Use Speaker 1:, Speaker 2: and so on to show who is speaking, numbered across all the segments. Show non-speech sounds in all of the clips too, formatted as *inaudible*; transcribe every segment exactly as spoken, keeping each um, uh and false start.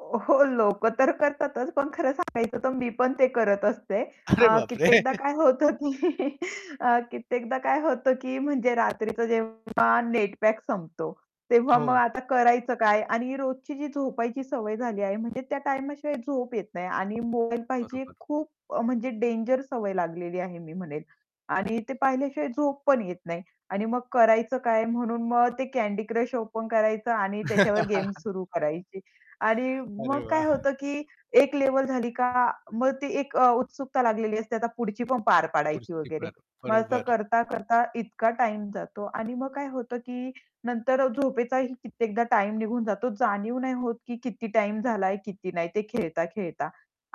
Speaker 1: ओ, हो लोक तर करतातच पण खरं सांगायचं तर मी पण ते करत असते.
Speaker 2: अरे
Speaker 1: अ,
Speaker 2: बापरे!
Speaker 1: कित्येकदा
Speaker 2: *chuckles*
Speaker 1: काय होतं की *chuckles* अ, कित्येकदा काय होतं, की म्हणजे रात्रीचं जेव्हा नेट पॅक संपतो, तेव्हा मग
Speaker 2: हो.
Speaker 1: आता करायचं काय आणि रोजची जी झोपायची सवय झाली आहे म्हणजे त्या टाईम शिवाय झोप येत नाही आणि मोबाईल पहायची
Speaker 2: बरोबर.
Speaker 1: खूप अ, म्हणजे डेंजर सवय लागलेली आहे मी म्हणेल. आणि ते पाहिल्याशिवाय झोप पण येत नाही आणि मग करायचं काय म्हणून मग ते कँडी क्रश ओपन करायचं आणि त्याच्यावर गेम्स
Speaker 2: *laughs*
Speaker 1: सुरू करायची आणि
Speaker 2: अरे
Speaker 1: मग काय
Speaker 2: वाह!
Speaker 1: होतं, की एक लेव्हल झाली का? मग ती एक उत्सुकता लागलेली असते, आता पुढची पण पार पाडायची वगैरे.
Speaker 2: *unintelligible*
Speaker 1: मग असं
Speaker 2: बरोबर.
Speaker 1: करता, करता इतका टाईम जातो आणि मग काय होतं, की नंतर झोपेचाही कित्येकदा टाईम निघून जातो, जाणीव नाही होत, की किती टाईम झालाय, किती नाही ते खेळता-खेळता.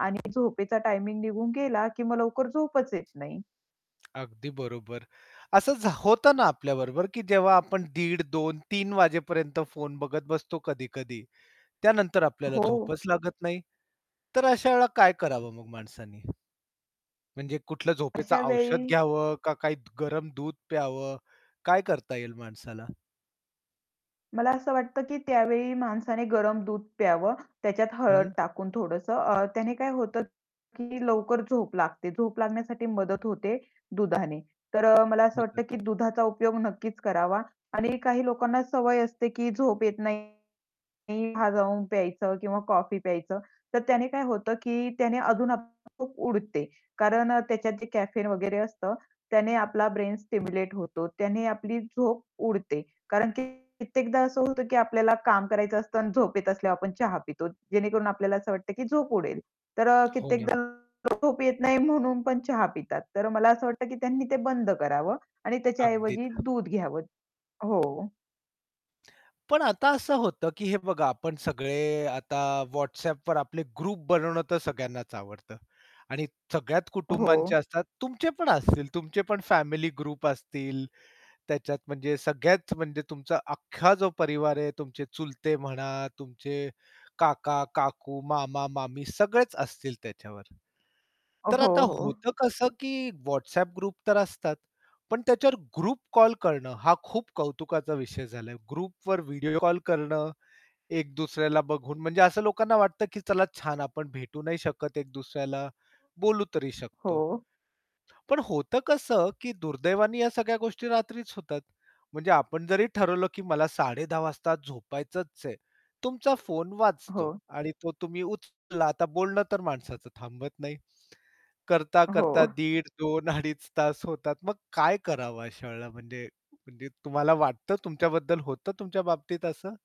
Speaker 1: आणि झोपेचा टायमिंग निघून गेला, की मग लवकर झोपच येत नाही.
Speaker 2: अगदी बरोबर. असं झ होत ना आपल्या बरोबर, की जेव्हा आपण दीड, दोन, तीन वाजेपर्यंत फोन बघत बसतो कधी-कधी. त्यानंतर आपल्याला
Speaker 1: हो.
Speaker 2: झोपच लागत नाही, तर अशा वेळेला काय करावं मग माणसानी? म्हणजे कुठलं झोपेचं
Speaker 1: अशा
Speaker 2: औषध
Speaker 1: वेळी
Speaker 2: घ्यावं का? काय गरम दूध प्यावं? काय करता येईल माणसाला?
Speaker 1: मला असं वाटतं, की त्यावेळी माणसाने गरम दूध प्यावं, त्याच्यात हळद
Speaker 2: हं.
Speaker 1: टाकून थोडंसं. अ, त्याने काय होतं, की लवकर झोप लागते, झोप लागण्यासाठी मदत होते दुधाने. तर मला असं
Speaker 2: हो,
Speaker 1: वाटतं,
Speaker 2: तर
Speaker 1: की दुधाचा उपयोग नक्कीच करावा आणि काही लोकांना सवय असते, की झोप येत नाही चहा जाऊन प्यायचं किंवा कॉफी प्यायचं. तर त्याने काय होतं, की त्याने अजून आपली झोप उडते. कारण त्याच्यात जे कॅफेन वगैरे असतं त्याने आपला ब्रेन स्टिम्युलेट होतो त्याने आपली झोप उडते. कारण की कित्येकदा असं होतं, की आपल्याला काम करायचं असतं आणि झोप येत असल्यावर आपण चहा पितो, जेणेकरून आपल्याला असं वाटतं, की झोप उडेल. तर
Speaker 2: हो ना.
Speaker 1: कित्येकदा झोप येत नाही म्हणून पण चहा पितात. तर मला असं वाटतं, की त्यांनी ते बंद करावं आणि त्याच्या
Speaker 2: अगदी.
Speaker 1: ऐवजी दूध घ्यावं हो.
Speaker 2: पण आता असं होतं, की हे बघा, आपण सगळे आता WhatsAppवर आपले ग्रुप बनवणं तर सगळ्यांनाच आवडतं. आणि सगळ्यात कुटुंबांचे
Speaker 1: हो.
Speaker 2: असतात, तुमचे पण असतील तुमचे पण फॅमिली ग्रुप असतील, त्याच्यात म्हणजे सगळ्यात म्हणजे तुमचा अख्खा जो परिवार आहे, तुमचे चुलते म्हणा, तुमचे काका-काकू, मामा-मामी सगळेच असतील त्याच्यावर.
Speaker 1: हो,
Speaker 2: तर आता
Speaker 1: हो.
Speaker 2: होतं कसं, की WhatsApp ग्रुप तर असतात. पण त्याच्यावर ग्रुप कॉल करणं, हा खूप कौतुकाचा विषय झालाय. ग्रुपवर व्हिडिओ कॉल करणं, एक दुसऱ्याला बघून म्हणजे असं लोकांना वाटतं, की चला छान आपण भेटू नाही शकत एक दुसऱ्याला, बोलू तरी शकतो.
Speaker 1: हो.
Speaker 2: पण होतं कसं, की दुर्दैवाने या सगळ्या गोष्टी रात्रीच होतात. म्हणजे आपण जरी ठरवलं, की मला साडे दहा वाजता झोपायचंच आहे. तुमचा फोन वाजतो
Speaker 1: हो.
Speaker 2: आणि तो तुम्ही उचलला आता बोलणं तर माणसाचं थांबत नाही.
Speaker 1: हो.
Speaker 2: करता-करता दीड, दोन अडीच तास होतात, मग काय करावं अशा वेळेला म्हणजे, म्हणजे तुम्हाला वाटतं तुमच्याबद्दल होतं तुमच्या बाबतीत असं?